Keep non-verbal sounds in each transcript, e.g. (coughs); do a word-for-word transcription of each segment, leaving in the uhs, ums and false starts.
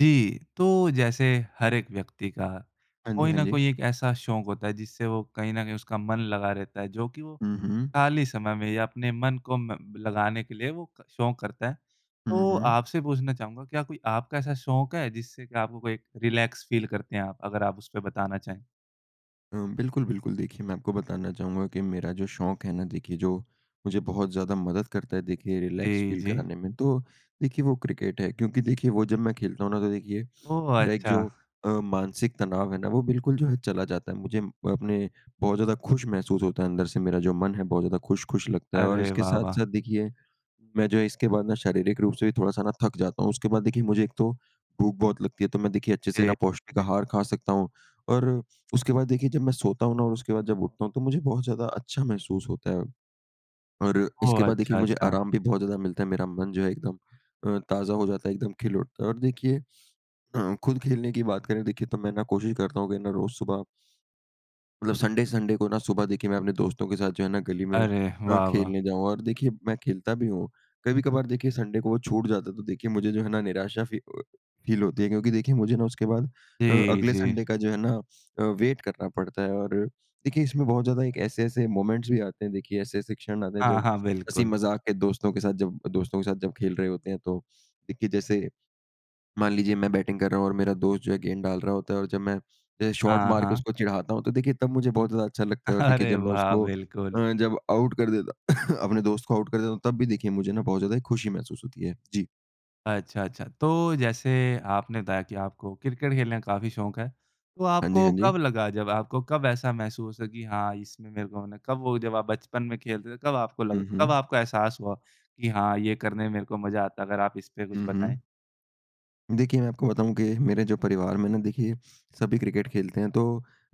जी। तो जैसे हर एक व्यक्ति का हाँ जी, कोई हाँ न जी। कोई एक ऐसा शौक होता है, जिससे वो कहीं न कहीं उसका मन लगा रहता है, जो कि वो हुँ, हुँ। खाली समय में या अपने मन को म लगाने के लिए वो क शौक करता है, हुँ, तो हुँ। आपसे पूछना चाहूँगा, क्या कोई आपका ऐसा शौक है, जिससे कि आपको कोई रिलैक्स फ़ील करते हैं आप? अगर आप उस पे बताना चाहें। अ, बिल्कुल, बिल्कुल। देखिए, मैं आपको बताना चाहूँगा कि मेरा जो शौक है ना, देखिए, जो मुझे बहुत ज़्यादा मदद करता है, देखिए, रिलैक्स जी, फ़ील जी। कराने में, तो देखिए वो क्रिकेट है, क्योंकि देखिए, वो जब मैं खेलता हूँ ना, तो देखिए, ओह! मेरा एक अच्छा। जो अ, मानसिक तनाव है ना, वो बिल्कुल जो है चला जाता है। मुझे अपने बहुत ज़्यादा खुश महसूस होता है अंदर से, मेरा जो मन है, बहुत ज़्यादा खुश-खुश लगता है और अरे, इसके वाह! वाह! साथ-साथ देखिए, मैं जो इसके बाद ना शारीरिक रूप से भी थोड़ा-सा ना थक जाता हूँ। उसके बाद, देखिए, मुझे एक तो भूख बहुत लगती है, तो मैं देखिए अच्छे से जी, ना पौष्टिक जी। आहार खा सकता हूँ और उसके बाद, देखिए, जब मैं सोता हूँ ना और उसके बाद जब उठता हूँ, तो मुझे बहुत ज़्यादा अच्छा महसूस होता है और इसके ओह! बाद देखिए, अच्छा, मुझे अच्छा। आराम भी बहुत ज़्यादा मिलता है। मेरा मन जो है एकदम अ, ताज़ा हो जाता है, एकदम खिल उठता है और देखिए अ, खुद खेलने की बात करें, देखिए, तो मैं ना कोशिश करता हूँ कि ना रोज़ सुबह मतलब संडे-संडे को ना सुबह, देखिए, मैं अपने दोस्तों के साथ जो है ना गली में अरे, अ, वाह! वाह! खेलने जाऊँ और देखिए, मैं खेलता भी हूँ। कभी-कभार देखिए संडे को वो छूट जाता है, तो देखिए मुझे जो है ना निराशा फी अ, फ़ील होती है क्योंकि देखिए, मुझे ना उसके बाद अ, जी, अगले जी। संडे का जो है ना अ, वेट करना पड़ता है और देखिए, इसमें बहुत ज़्यादा एक ऐसे-ऐसे मोमेंट्स भी आते हैं, देखिए, ऐसे-ऐसे क्षण आते हैं, हाँ, जब हाँ, बिल्कुल। हँसी-मज़ाक के दोस्तों के साथ जब दोस्तों के साथ जब खेल रहे होते हैं। तो देखिए, जैसे मान लीजिए, मैं बैटिंग कर रहा हूँ और मेरा दोस्त जो है, गेंद डाल रहा होता है और जब मैं जैसे शॉर्ट हाँ, मारके हाँ। उसको चिढ़ाता हूँ, तो देखिए, तब मुझे बहुत ज़्यादा अच्छा लगता है और देखिए, अरे, जब मैं वाह! उसको बिल्कुल। अ, जब आउट कर देता (coughs) अपने दोस्त को आउट कर देता हूँ, तब भी देखिए, मुझे ना बहुत ज़्यादा खुशी महसूस होती है। जी। अच्छा, अच्छा। तो जैसे आपने बताया कि आपको क्रिकेट खेलने का काफ़ी शौक है, तो हाँ जी, आपको हाँ जी। कब लगा, जब आपको कब ऐसा महसूस हुआ कि, "हाँ, इसमें मेरे को होना है।" कब वो जब आप बचपन में खेलते थे, कब आपको लग हुँ, कब हुँ। आपका एहसास हुआ कि, "हाँ, ये करने में मेरे को मज़ा आता है"? अगर आप इस पे कुछ हुँ, हुँ। बताएँ। देखिए, मैं आपको बताऊँ कि मेरे जो परिवार में ना, देखिए, सभी क्रिकेट खेलते हैं। तो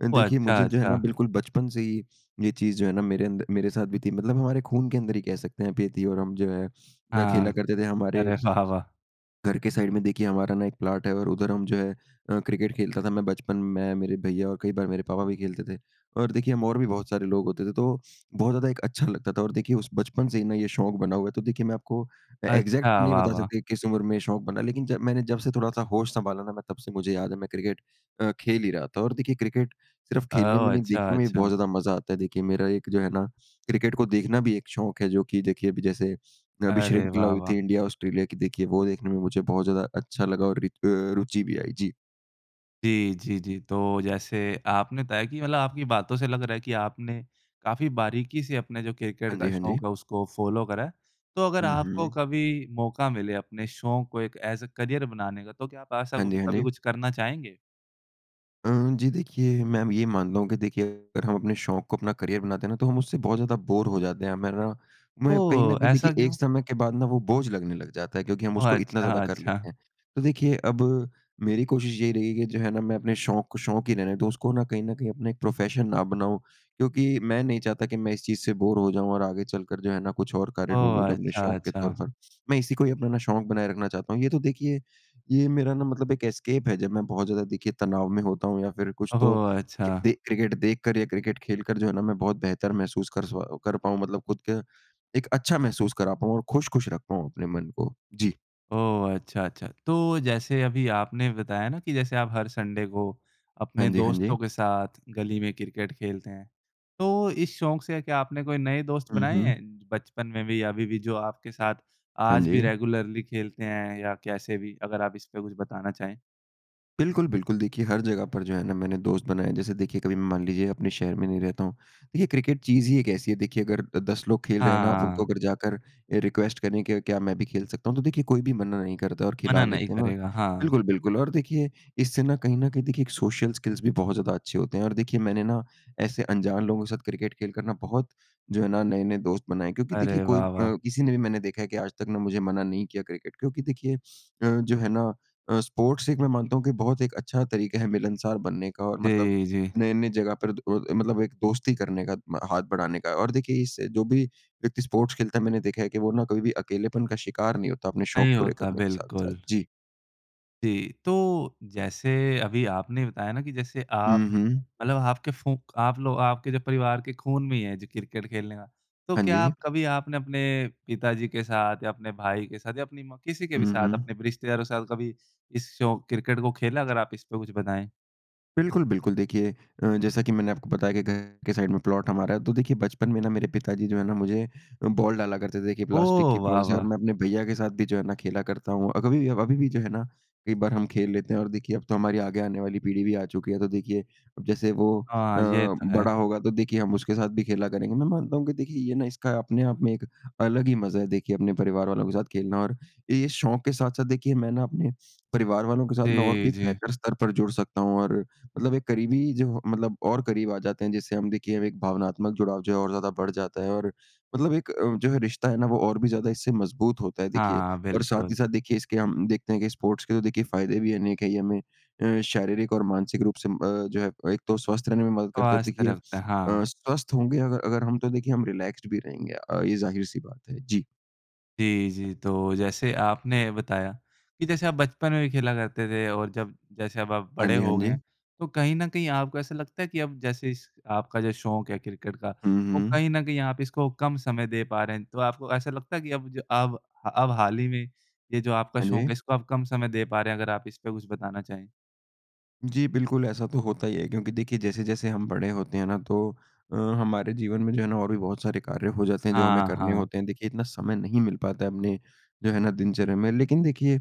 अ, ओह! देखिए, अच्छा, मुझे जो है ना, अच्छा। बिल्कुल बचपन से ही ये चीज़ जो है ना, मेरे अंद मेरे साथ भी थी मतलब हमारे खून के अंदर ही कह सकते हैं आप, ये थीं और हम जो है ना, खेला हाँ। करते थे हमारे अरे, वाह! वाह! घर के साइड में देखिए, हमारा ना एक प्लॉट है और उधर हम जो है अ, क्रिकेट खेलता था मैं बचपन मैं, मेरे भैया और कई बार मेरे पापा भी खेलते थे और देखिए, हम और भी बहुत सारे लोग होते थे, तो बहुत ज़्यादा एक अच्छा लगता था और देखिए, उस बचपन से ही ना ये शौक बना हुआ है। तो देखिए, मैं आपको अ, एग्ज़ैक्ट तो अच्छा। नहीं वाह, बता वाह। सकता कि किस उम्र में ये शौक बना, लेकिन जब मैंने जब से थोड़ा-सा होश सँभाला ना, मैं तब से मुझे याद है, मैं क्रिकेट अ, खेल ही रहा था और देखिए, क्रिकेट सिर्फ़ खेलने में ओह! नहीं, अच्छा, देखने में भी बहुत अच्छा। ज़्यादा मज़ा आता है। देखिए, मेरा एक जो है ना, क्रिकेट को देखना भी एक शौक है, जो कि देखिए, अभी जैसे, अभी अरे, श्रृंखला वाह, हुई वाह। थी इंडिया-ऑस्ट्रेलिया की, देखिए, वो देखने में मुझे बहुत ज़्यादा अच्छा लगा और रित अ, रुचि भी आई। जी। जी, जी, जी। तो जैसे आपने तय की, मतलब आपकी बातों से लग रहा है कि आपने काफ़ी बारीकी से अपने जो क्रिकेट हाँ का जी, हाँ शौक जी। है, उसको फ़ॉलो करा है। तो अगर हुँ, आपको हुँ। कभी मौका मिले अपने शौक को एक एज़ ए करियर बनाने का, तो क्या आप ऐसा हाँ कु जी, हाँ कभी जी। कुछ करना चाहेंगे? अ, जी देखिए मैं म ये मानता हूँ कि देखिए अगर हम अपने शौक़ को अपना करियर बनाते हैं ना तो हम उससे बहुत ज़्यादा बोर हो जाते हैं। मैंने ना मैं कहीं न ओह! कहीं ऐसा देखिए क्यों? एक समय के बाद ना वह बोझ लगने लग जाता है। क्योंकि हम ओह! उसको इतना अच्छा, ज़्यादा कर अच्छा। लेतें हैं। तो देखिए अब मेरी कोशिश यही रही है कि जो है ना मैं अपने शौक़ को शौक़ ही रहने दूँ उसको न कहीं न कहीं अपना एक प्रोफ़ेशन ना बनाऊँ। क्योंकि मैं नहीं चाहता कि मैं इस चीज़ से बोर हो जाऊँ और आगे चलकर जो है ना कुछ और कार्य ओह! ढूँढूँ। जो अपने अच्छा, शौक़ के तौर अच्छा। पर मैं इसी को ही अपना शौक़ बनाए रखना चाहता हूँ। ये तो देखिए ये मेरा ना मतलब एक एस्केप है जब मैं बहुत ज़्यादा देखिए तनाव में होता हूँ। या फिर कुछ ओहो! तो अच्छा। दे क्रिकेट देखकर या क्रिकेट खेलकर जो है ना मैं बहुत बेहतर महसूस कर स्व कर पाऊँ, मतलब खुद का एक अच्छा महसूस करा पाऊँ और खुश-खुश रख पाऊँ अपने मन को। जी। ओह! अच्छा, अच्छा। तो जैसे अभी आपने बताया ना कि जैसे आप हर संडे को हाँ अपने जी, हाँ जी। दोस्तों के साथ गली में क्रिकेट खेलते हैं। तो इस शौक़ से क्या आपने कोई नए दोस्त हुँ, बनाए हुँ। हैं बचपन में भी या अभी भी जो आपके साथ हाँ आज भी जी। रेगुलर्ली खेलते हैं या कैसे भी? अगर आप इस पर कुछ बताना चाहें। बिल्कुल, बिल्कुल। देखिए हर जगह पर जो है ना मैंने दोस्त बनाए। जैसे देखिए कभी मान लीजिए अपने शहर में नहीं रहता हूँ। देखिए क्रिकेट चीज़ ही एक ऐसी है देखिए अगर दस लोग खेल रहे हैं ना आप उनको हाँ। अगर जाकर ये रिक्वेस्ट करें के क्या मैं भी खेल सकता हूँ, तो देखिए कोई भी मना नहीं करता और मना खिला नहीं लेते हैं। करेगा। हाँ। बिल्कुल, बिल्कुल, और देखिए इससे ना कहीं न कहीं देखिए एक सोशियल स्किल्स भी बहुत ज़्यादा अच्छे होते हैं। और देखिए मैंने ना ऐसे अनजान लोगों के साथ क्रिकेट खेल कर ना बहुत जो है ना नए-नए दोस्त बनाए। क्योंकि देखिए अरे! कोई अ, वाह, वाह। किसी ने भी मैंने देखा है कि आज तक ना मुझे मना नहीं किया क्रिकेट क्योंकि देखिए अ, जो है ना अ, स्पोर्ट्स एक मैं मानता हूँ कि बहुत एक अच्छा तरीक़ा है मिलनसार बनने का और मतलब जी, जी। नए-नए जगह पर द अ मतलब एक दोस्ती करने का म हाथ बढ़ाने का। और देखिए इस जो भी व्यक्ति स्पोर्ट्स खेलता है मैंने देखा है कि वो ना कभी भी अकेलेपन का शिकार नहीं होता अपने शौक़ नहीं पूरे होता। करने के साथ-साथ। बिल्कुल। जी। जी। तो जैसे अभी आपने बताया ना कि जैसे हुँ, आप हुँ। मतलब आपके फूँक आप लोग आपके जो परिवार के खून में ही है जी क्रिकेट खेलने का, तो हाँ क्या जी। आप कभी आपने अपने पिताजी के साथ या अपने भाई के साथ या अपनी माँ किसी के भी हुँ, साथ हुँ। अपने रिश्तेदारों के साथ कभी इस शौक़, क्रिकेट को खेला? अगर आप इस पर कुछ बताएँ। बिल्कुल, बिल्कुल। देखिए अ, जैसा कि मैंने आपको बताया कि घर के साइड़ में प्लॉट हमारा है। तो देखिए बचपन में ना मेरे पिताजी जो है ना मुझे बॉल डाला करते थे देखिए प्लास्टिक ओह! की वाह, बॉल से और वाह! मैं अपने भैया के साथ भी जो है ना खेला करता हूँ। अभी भी अभी भी जो है ना कई बार हम खेल लेते हैं। और देखिए अब तो हमारी आगे आने वाली पीढ़ी भी आ चुकी है तो देखिए अब जैसे वो अ, हाँ, ये तो है। बड़ा होगा तो देखिए हम उसके साथ भी खेला करेंगे। मैं मानता हूँ कि देखिए ये ना इसका अपने आप में एक अलग ही मज़ा है देखिए अपने परिवार वालों के साथ खेलना। और ये शौक़ के साथ-साथ देखिए मैं ना अपने परिवार वालों के साथ ना और भी जी, एक जी। बेहतर स्तर पर जुड़ सकता हूँ। और मतलब एक क़रीबी जो मतलब और क़रीब आ जाते हैं जिससे हम देखिए हम एक भावनात्मक जुड़ाव जो है और ज़्यादा बढ़ जाता है। और मतलब एक अ, जो है रिश्ता है ना वो और भी ज़्यादा इससे मज़बूत होता है देखिए। हाँ, और साथ ही बिल्कुल। साथ देखिए इसके हम देखते हैं कि स्पोर्ट्स के तो देखिए फ़ायदे भी अनेक है। ये हमें अ, शारीरिक और मानसिक रूप से म अ, जो है एक तो स्वस्थ रहने में मदद करता है और स्वस्थ देखिए रखता। अ, हाँ। स्वस्थ होंगे अगर अगर हम तो देखिए हम रिलैक्सड भी रहेंगे। अ, ये ज़ाहिर-सी बात है। जी। जी, जी। तो जैसे आपने बताया कि जैसे आप बचपन में भी खेला करते थे और जब जैसे अब आप हाँ बड़े जी, हाँ हो गए जी। हैं तो कहीं न कहीं आपको ऐसा लगता है कि अब जैसे इस आपका जो शौक़ है क्रिकेट का हुँ, वो हुँ। कहीं न कहीं आप इसको कम समय दे पा रहे हैं? तो आपको ऐसा लगता है कि अब ज अब अब हाल ही में ये जो आपका हाँ शौक़ जी। है इसको अब कम समय दे पा रहें हैं? अगर आप इस पे कुछ बताना चाहें। जी बिल्कुल, ऐसा तो होता ही है। क्योंकि देखिए जैसे-जैसे हम बड़े होते हैं ना तो अ, हमारे जीवन में जो है ना और भी बहुत सारे कार्य हो जाते हैं जो हमें हाँ, करने हाँ। होते हैं। देखिए इतना समय नहीं मिल पाता है अपने जो है ना दिनचर्या में। लेकिन देखिए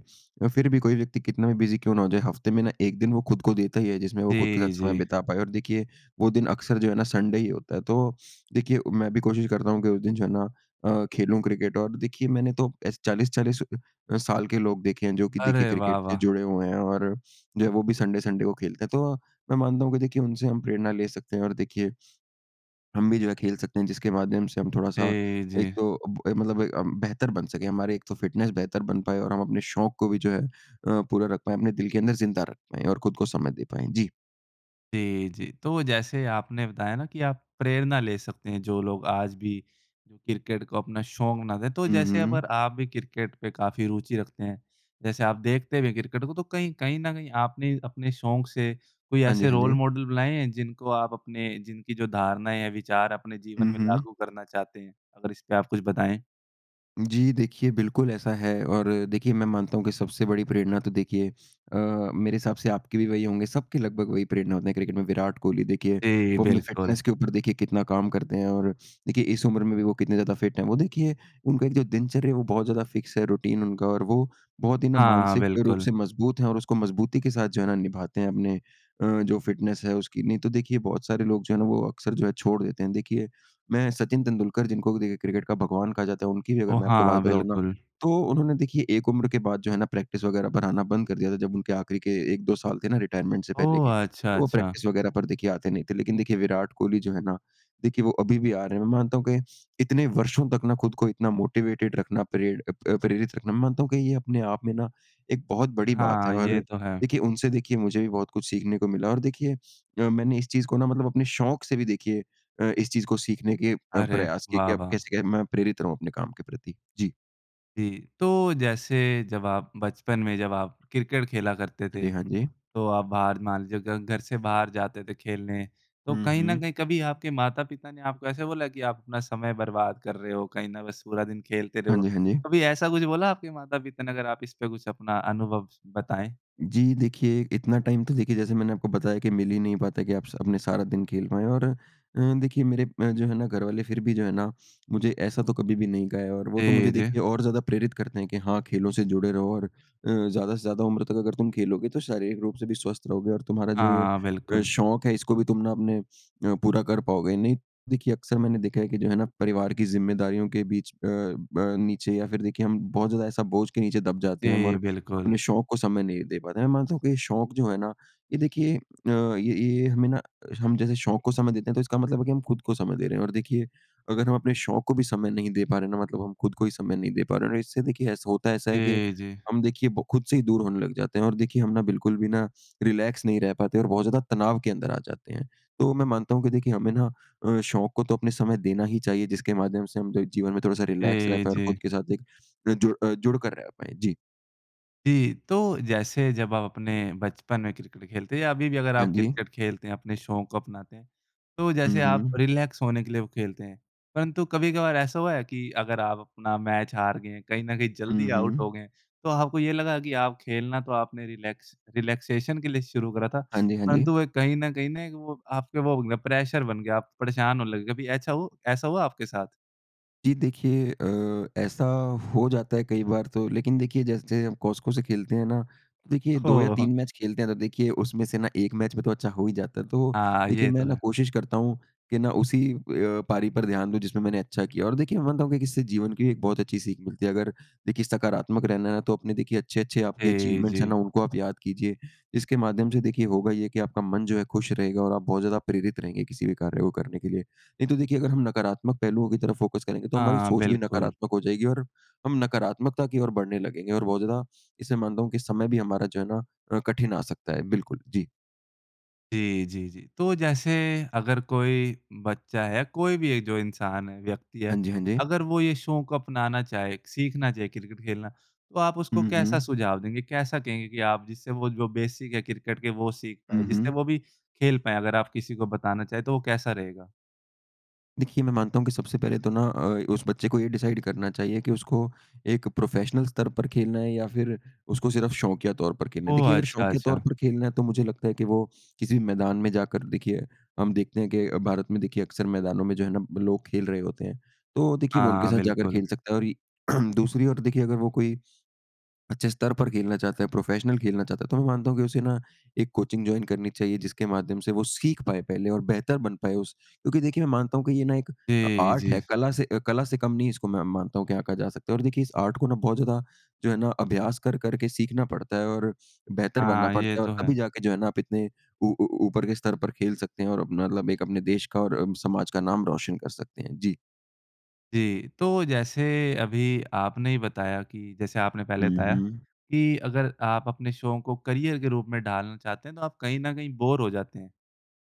फिर भी कोई व्यक्ति कितना भी बिज़ी क्यों ना हो जाए हफ़्ते में ना एक दिन वो खुद को देता ही है जिसमें वो खुद के साथ जी, समय जी। बिता पाए। और देखिए वो दिन अक्सर जो है ना संडे ही होता है। तो देखिए मैं भी कोशिश करता हूँ कि उस दिन जो है ना अ, खेलूँ क्रिकेट। और देखिए मैंने तो ऐसे चालीस-चालीस अ, साल के लोग देखे हैं जो कि देखिए अरे वाह, क्रिकेट से वाह! जुड़े हुए हैं, और जो है वो भी संडे संडे को खेलते हैं। तो मैं मानता हूँ कि देखिए उनसे हम प्रेरणा ले सकते हैं और देखिए, हम भी जो है खेल सकते हैं। जिसके माध्यम से हम थोड़ा-सा जी, एक जी। तो ब मतलब ए हम बेहतर बन सकें हमारी एक तो फ़िटनेस बेहतर बन पाए और हम अपने शौक़ को भी जो है अ, पूरा रख पाएँ, अपने दिल के अंदर ज़िंदा रख पाएँ और खुद को समय दे पाएँ। जी। जी, जी। तो जैसे आपने बताया ना कि आप प्रेरणा ले सकते हैं जो लोग आज भी जो क्रिकेट को अपना शौक़ ना दें। तो हुँ, जैसे हुँ। अगर आप भी क्रिकेट पे काफ़ी रुचि रखते हैं जैसे आप देखते भी हैं क्रिकेट को तो कहीं कहीं न कहीं आपने अपने शौक़ से कोई हाँ जी, ऐसे हाँ रोल जी। मॉडल बुलाएँ हैं जिनको आप अपने जिनकी जो धारणाएँ या विचार अपने जीवन हुँ, में हुँ। लागू करना चाहते हैं? अगर इस पर आप कुछ बताएँ। जी, देखिए बिल्कुल ऐसा है। और देखिए मैं मानता हूँ कि सबसे बड़ी प्रेरणा तो देखिए अ, मेरे हिसाब से आपके भी वही होंगे सबके लगभग वही प्रेरणा होते हैं क्रिकेट में विराट कोहली। देखिए जी, वो अपने बिल्कुल। फ़िटनेस्स के ऊपर देखिए कितना काम करते हैं और देखिए इस उम्र में भी वो कितने ज़्यादा फ़िट हैं। वो देखिए उनका एक जो दिनचर्या है वो बहुत ज़्यादा फ़िक्स है रूटीन उनका और वो बहुत ही ना हाँ, मानसिक रूप बिल्कुल। से मज़बूत हैं और उसको मज़बूती के साथ जो है ना निभाते हैं अपने अ जो फ़िटनेस है उसकी। नहीं तो देखिए बहुत सारे लोग जो है ना वो अक्सर जो है छोड़ देते हैं। देखिए मैं सचिन तेंदुलकर जिनको देखिए क्रिकेट का भगवान कहा जाता है उनकी भी अगर ओह! मैं आपको हाँ, बात बताऊँ ना बिल्कुल। तो उन्होंने देखिए एक उम्र के बाद जो है ना प्रैक्टिस वग़ैरह पर आना बंद कर दिया था जब उनके आख़िरी के एक दो साल थे ना रिटायरमेंट से पहले ओह! के, अच्छा, वो अच्छा। प्रैक्टिस वगैरह पर देखिए आते नहीं थे। लेकिन देखिए विराट कोहली जो है ना देखिए वो अभी भी आ रहे हैं। मैं मानता हूँ कि इतने वर्षों तक ना खुद को इतना मोटिवेटेड रखना, प्रेर अ प्रेरित रखना मैं मानता हूँ कि ये अपने आप में ना एक बहुत बड़ी बात है। हाँ, और ये तो है। देखिए उनसे देखिए मुझे भी बहुत कुछ सीखने को मिला। और देखिए अ, मैंने इस चीज़ को ना मतलब अपने शौक़ से भी देखिए अ, इस चीज़ को सीखने के अ, अरे, प्रयास किए वाह, कि अब वाह! कैसे के मैं प्रेरित रहूँ अपने काम के प्रति। जी। जी। तो जैसे जब आप बचपन में जब आप क्रिकेट खेला करते हाँ जी, थे हाँ जी। तो आप बाहर मान लीजिए घ घर से बाहर जाते थे खेलने। तो हुँ, कहीं न हुँ। कहीं कभी आपके माता-पिता ने आपको ऐसे बोला कि आप अपना समय बर्बाद कर रहे हो कहीं ना बस पूरा दिन खेलते हाँ रहो, जी, हाँ जी। कभी ऐसा कुछ बोला आपके माता-पिता ने? अगर आप इस पर कुछ अपना अनुभव बताएँ। जी देखिए इतना टाइम तो देखिए जैसे मैंने आपको बताया कि मिल ही नहीं पाता कि आप स अपने सारा दिन खेल पाएँ। और अ, देखिए मेरे जो है ना घरवाले फिर भी जो है ना मुझे ऐसा तो कभी भी नहीं कहा है। और वो तो जी, मुझे जी। देखिए और ज़्यादा प्रेरित करते हैं कि, "हाँ, खेलों से जुड़े रहो और अ, ज़्यादा से ज़्यादा उम्र तक अगर तुम खेलोगे तो शारीरिक रूप से भी स्वस्थ रहोगे और तुम्हारा जो ये हाँ, अ बिल्कुल। शौक़ है इसको भी तुम ना अपने अ, पूरा कर पाओगे।" नहीं, देखिए अक्सर मैंने देखा है कि जो है ना परिवार की ज़िम्मेदारियों के बीच अ, अ, नीचे या फिर देखिए हम बहुत ज़्यादा ऐसा बोझ के नीचे दब जाते हैं हम और जी, बिल्कुल। अपने शौक़ को समय नहीं दे पाते हैं। मैं मानता हूँ कि शौक़ जो है ना ये देखिए अ, ये ये हमें ना हम जैसे शौक़ को समय देते हैं तो इसका मतलब है कि हम खुद को समय दे रहे हैं। और देखिए अगर हम अपने शौक़ को भी समय नहीं दे पा रहे हैं ना मतलब हम खुद को ही समय नहीं दे पा रहे हैं और इससे देखिए ऐसा होता ऐसा है कि जी, जी। हम देखिए ब खुद से ही दूर होने लग जाते हैं। और देखिए हम ना बिल्कुल भी ना रिलैक्स नहीं रह पाते और बहुत ज़्यादा तनाव के अंदर आ जाते हैं। तो मैं मानता हूँ कि देखिए हमें ना अ, शौक़ को तो अपने समय देना ही चाहिए जिसके माध्यम से हम ज जीवन में थोड़ा-सा रिलैक्स रह जी, पाएँ और जी। खुद के साथ एक अ, जुड़ अ, जुड़ कर रह पाएँ। जी। जी। तो जैसे जब आप अपने बचपन में क्रिकेट खेलते या अभी भी अगर आप हाँ जी। क्रिकेट खेलते हैं अपने शौक़ को अपनाते हैं तो जैसे हुँ, आप हुँ। रिलैक्स होने के लिए खेलते हैं। परंतु कभी-कभार ऐसा हुआ है कि अगर आप अपना मैच हार गए कहीं न कहीं हुँ, जल्दी आउट हो हुँ। गए, तो आपको ये लगा कि आप खेलना तो आपने रिलैक्स रिलैक्सेशन के लिए शुरू करा था हाँ जी, हाँ जी। परंतु वो एक कहीं न कहीं ना वो आपके वो बन गया प्रेशर बन गया आप परेशान होने लगे, कभी ऐछा हो ऐसा हुआ आपके साथ? जी देखिए अ, ऐसा हो जाता है कई बार। तो लेकिन देखिए जैसे हम Cosco से खेलते हैं ना देखिए दो या ओह हो! तीन मैच खेलते हैं तो देखिए उसमें से ना एक मैच में तो अच्छा हो ही जाता है। तो हाँ, ये लेकिन तो मैं ना है। कोशिश करता हूँ कि ना उसी अ, पारी पर ध्यान दूँ जिसमें मैंने अच्छा किया। और देखिए मैं मानता हूँ कि इससे जीवन की एक बहुत अच्छी सीख मिलती है। अगर देखिए सकारात्मक रहना है ना तो अपने देखिए अच्छे-अच्छे आपके जी, अचीवमेंट्स हैं जी। ना उनको आप याद कीजिए इसके माध्यम से देखिए होगा ये कि आपका मन जो है खुश रहेगा और आप बहुत ज़्यादा प्रेरित रहेंगे किसी भी कार्य को करने के लिए। नहीं तो देखिए अगर हम नकारात्मक पहलुओं की तरफ़ फ़ोकस करेंगे तो हमारी हाँ, सोच भी बिल्कुल। नकारात्मक हो जाएगी और हम नकारात्मकता की ओर बढ़ने लगेंगे। और बहुत ज़्यादा इससे मानता हूँ कि समय भी हमारा जो है ना अ, कठिन आ सकता है। बिल्कुल, जी। जी, जी, जी। तो जैसे अगर कोई बच्चा है, कोई भी एक जो इंसान है, व्यक्ति हाँ है जी, हाँ जी। अगर वो ये शौक़ अपनाना चाहे, सीखना चाहे क्रिकेट खेलना तो आप उसको हुँ, कैसा हुँ। सुझाव देंगे? कैसा कहेंगे कि आप जिससे वो जो बेसिक है क्रिकेट के वो सीख पाएँ, हुँ, जिससे वो हुँ। भी खेल पाएँ? अगर आप किसी को बताना चाहे तो वो कैसा रहेगा? देखिए मैं मानता हूँ कि सबसे पहले तो ना अ, उस बच्चे को ये डिसाइड़ करना चाहिए कि उसको एक प्रोफ़ेशनल स्तर पर खेलना है या फिर उसको सिर्फ़ शौकिया तौर पर खेलना है। ओह! देखिए अगर अच्छा, शौकिया तौर अच्छा। पर खेलना है तो मुझे लगता है कि वो किसी भी मैदान में जाकर देखिए हम देखते हैं कि भारत में देखिए अक्सर मैदानों में जो है ना लोग खेल रहे होते हैं तो वो देखिए वो उनके हाँ, साथ जाकर बिल्कुल। खेल सकता है। और (clears throat) दूसरी ओर देखिए अगर वो कोई अच्छे स्तर पर खेलना चाहता है, प्रोफ़ेशनल खेलना चाहता है तो मैं मानता हूँ कि उसे ना एक कोचिंग जॉइन करनी चाहिए जिसके माध्यम से वो सीख पाए पहले। और बेहतर बन पाए उस क्योंकि देखिए मैं मानता हूँ कि ये ना एक अ, जी, आर्ट है, जी। कला से अ कला से कम नहीं है इसको मैं मानता हूँ क्या कहा जा सकता है। और देखिए इस आर्ट को जो है ना बहुत ज़्यादा अभ्यास कर-कर के सीखना पड़ता है और बेहतर बनना हाँ, ये पड़ता है। और तो तभी है। जाकर जो है ना आप इतने ऊ ऊ ऊपर के स्तर पर खेल सकते हैं और अपना मतलब एक अपने देश का और अ, समाज का नाम रोशन कर सकते हैं। जी। जी। तो जैसे अभी आपने ही बताया कि जैसे आपने पहले हुँ, बताया हुँ। कि अगर आप अपने शौक़ को करियर के रूप में ढालना चाहते हैं तो आप कहीं न कहीं बोर हो जाते हैं।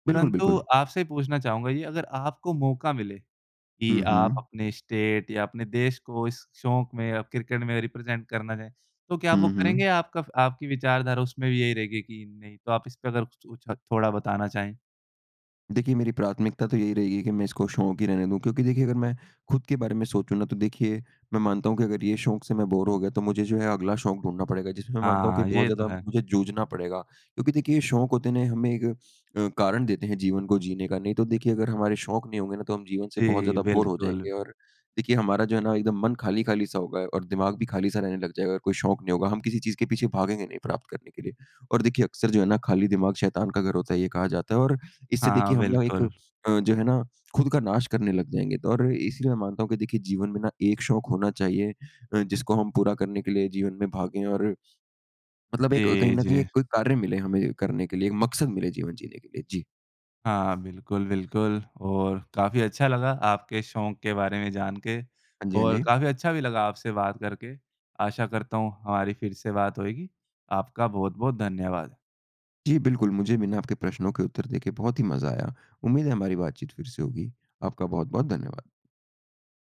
बिल्कुल, परंतु बिल्कुल। आपसे पूछना चाहूँगा ये अगर आपको मौका मिले कि हुँ, आप हुँ। अपने स्टेट या अपने देश को इस शौक़ में या क्रिकेट में रिप्रेज़ेंट करना चाहें तो क्या आप वो हुँ, करेंगे? हुँ। या आपका आपकी विचारधारा उसमें भी यही रहेगी कि नहीं? तो आप इस पर अगर कुछ कुछ थोड़ा बताना चाहें? देखिए, मेरी प्राथमिकता तो यही रहेगी कि मैं इसको शौक़ ही रहने दूँ। क्योंकि देखिए अगर मैं खुद के बारे में सोचूँ ना तो देखिए मैं मानता हूँ कि अगर ये शौक़ से मैं बोर हो गया तो मुझे जो है अगला शौक़ ढूँढ़ना पड़ेगा, जिसमें मैं मानता हूँ कि हाँ, बहुत ये तो ज़्यादा है। मुझे जूझना पड़ेगा। क्योंकि देखिए ये शौक़ होते हैं ना हमें एक अ, कारण देते हैं जीवन को जीने का। नहीं तो देखिए अगर हमारे शौक़ नहीं होंगे ना तो हम जीवन से बहुत जी, ज़्यादा बोर हो बिल्कुल। जाएँगे। और देखिए हमारा जो है ना एकदम मन खाली-खाली सा होगा और दिमाग़ भी खाली-सा रहने लग जाएगा अगर कोई शौक़ नहीं होगा, हम किसी चीज़ के पीछे भागेंगे नहीं प्राप्त करने के लिए। और देखिए अक्सर जो है ना खाली दिमाग शैतान का घर होता है ये कहा जाता है और इससे हाँ, देखिए हम ना एक बिल्कुल। अ, जो है ना खुद का नाश करने लग जाएँगे। तो और इसलिए मैं मानता हूँ कि देखिए जीवन में ना एक शौक़ होना चाहिए अ, जिसको हम पूरा करने के लिए जीवन में भागें। और मतलब एक कहीं जी, न कहीं जी। एक कोई कार्य मिले हमें करने के लिए, एक मक़सद मिले जीवन जीने के लिए। जी। हाँ, बिल्कुल, बिल्कुल। और काफ़ी अच्छा लगा आपके शौक़ के बारे में जानके हाँ जी, हाँ और जी। काफ़ी अच्छा भी लगा आपसे बात करके। आशा करता हूँ हमारी फिर से बात होएगी। आपका बहुत-बहुत धन्यवाद। जी, बिल्कुल। मुझे भी ना आपके प्रश्नों के उत्तर देके बहुत ही मज़ा आया। उम्मीद है हमारी बातचीत फिर से होगी। आपका बहुत-बहुत धन्यवाद।